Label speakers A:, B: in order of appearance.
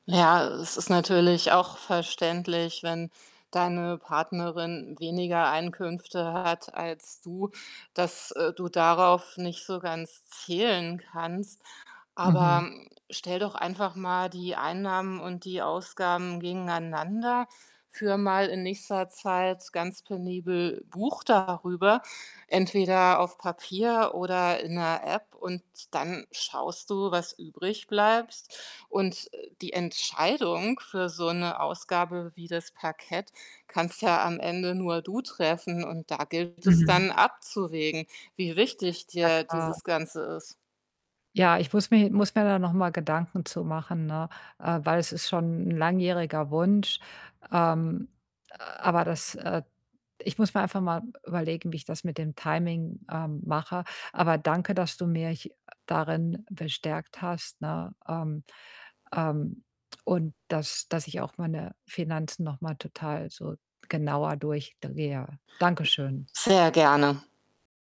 A: Ja, es ist natürlich auch verständlich, wenn deine Partnerin weniger Einkünfte hat als du, dass, äh, du darauf nicht so ganz zählen kannst. Aber,
B: Mhm.
A: stell doch einfach mal die Einnahmen und die Ausgaben gegeneinander. Führe mal in nächster Zeit ganz penibel Buch darüber, entweder auf Papier oder in der App und dann schaust du, was übrig bleibst. Und, äh, die Entscheidung für so 'ne Ausgabe wie das Parkett kannst ja am Ende nur du treffen. Und da gilt es
B: Mhm.
A: dann abzuwägen, wie wichtig
B: Ja,
A: dir
B: klar.
A: dieses Ganze ist.
B: Ja, ich muss mir muss mir da noch mal Gedanken zu machen, ne? Äh, weil es ist schon 'n langjähriger Wunsch. Ähm, aber das äh, ich muss mir einfach mal überlegen, wie ich das mit dem Timing, ähm, mache. Aber danke, dass du mich, äh, darin bestärkt hast, ne? Ähm, ähm, und dass dass ich auch meine Finanzen noch mal total so genauer durch da gehe, ja. Dankeschön.
A: Sehr gerne.